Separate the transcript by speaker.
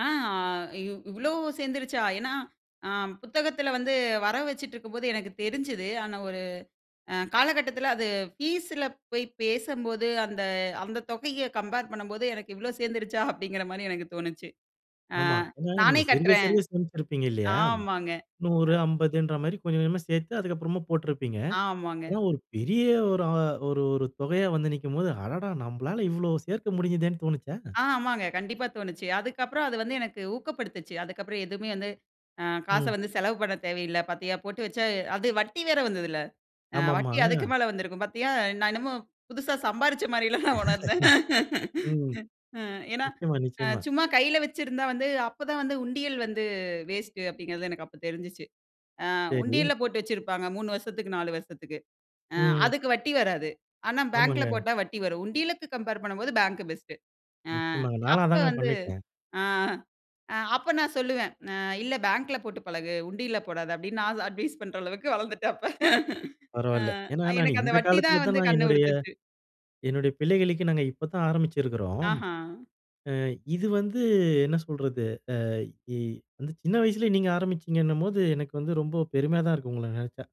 Speaker 1: ஆ, அ இவ் இவ்வளோ சேர்ந்துருச்சா? ஏனா, அ புத்தகத்தில வந்து வர வச்சுட்ருக்கும்போது எனக்கு தெரிஞ்சது. ஆனா ஒரு அ காலகட்டத்தில அது ஃபீஸ்ல போய் பேசும்போது அந்த, அந்த தொகைய கம்பேர் பண்ணும்போது எனக்கு இவ்வளோ சேர்ந்துருச்சா? அப்படிங்கிற மாரி எனக்கு தோணுச்சு. ஆ
Speaker 2: ஆமா. என்னங்க
Speaker 1: நானே
Speaker 2: நீங்க சிறுக
Speaker 1: கட்டுறேன்.
Speaker 2: சிறுக சேமிச்சிருப்பீங்க இல்லையா?
Speaker 1: ஆமாங்க.
Speaker 2: 100, 50ன்ற மாரி கொஞ்ச கொஞ்சமா சேர்த்து அதுக்கப்புறமா போட்டுருப்பீங்க.
Speaker 1: ஆமாங்க.
Speaker 2: ஏனா ஒரு பெரிய ஒரு அ ஒரு, ஒரு தொகையா வந்து நிக்கும்போது அடடா நம்மாலால இவ்வளோ சேர்க்க முடியுதேனு தோனுச்சா?
Speaker 1: ஆ, ஆமாங்க. கண்டிப்பா தோணுச்சு. அதுக்கப்புறம், அது வந்து எனக்கு ஊக்கப்படுத்துச்சு. அதுக்கப்புறம் எதுவுமே வந்து அ காச
Speaker 2: ம்.
Speaker 1: வந்து செலவு பண்ணத் தேவையில்ல. பார்த்தியா போட்டு வச்சா அது வட்டி வேற வந்ததுல்ல. அ வட்டி அதுக்கு
Speaker 2: ஆமாம்மா.
Speaker 1: மேல வந்திருக்கும். பார்த்தியா, நான் என்னமோ புதுசா சம்பாரிச்ச மாரிலா நான் உணர்ந்தேன்.
Speaker 2: ம்.
Speaker 1: ம். ஏனா
Speaker 2: நிச்சயமா, நிச்சயமா.
Speaker 1: சும்மா கையில வச்சிருந்தா வந்து அப்ப தான் வந்து உண்டியல் வந்து வேஸ்ட் அப்படிங்கிறது எனக்கு அப்ப தெரிஞ்சுச்சு. ஆ
Speaker 2: சரி.
Speaker 1: உண்டியல்ல போட்டு வச்சிருப்பாங்க 3 வருஷத்திக்கு 4 வருஷத்திக்கு. அ
Speaker 2: ம்.
Speaker 1: அதுக்கு வட்டி வராது. ஆனா பேங்க்ல
Speaker 2: ஆமாங்க.
Speaker 1: போட்டா வட்டி வரும். உண்டியலுக்கு கம்பேர் பண்ணும்போது பேங்க் பெஸ்ட் ஆ,
Speaker 2: நிச்சயமாங்க, நாலாம்
Speaker 1: அப்ப
Speaker 2: அதாங்க
Speaker 1: வந்து,
Speaker 2: பண்ணிருக்கேன்.
Speaker 1: ஆ அப்ப நான் சொல்லுவேன். ஆ இல்ல பேங்க்ல போட்டு பழகு. உண்டியல்ல போடாத அப்படினு நான் அட்வைஸ் பண்ற அளவுக்கு வளர்ந்துட்டேன் அப்ப. ஆ,
Speaker 2: பரவாயில்ல. ஏனா நான்
Speaker 1: எனக்கு அந்த
Speaker 2: இந்த
Speaker 1: வட்டி
Speaker 2: காலத்தில
Speaker 1: தான்
Speaker 2: தான்
Speaker 1: வந்து
Speaker 2: நான்
Speaker 1: கண்ண
Speaker 2: என்னுடைய,
Speaker 1: உறுத்துச்சு.
Speaker 2: என்னுடைய பிள்ளைகளுக்கே நாங்க இப்ப தான் ஆரம்பிச்சுருக்கிறோம்.
Speaker 1: ஆஹா!
Speaker 2: ஆ இது வந்து என்ன சொல்றது? ஆ இ வந்து சின்ன வயசிலே நீங்க ஆரம்பிச்சிங்கன்னும்போது எனக்கு வந்து ரொம்ப பெருமையா தான் இருக்கு உங்கள நெனச்சா.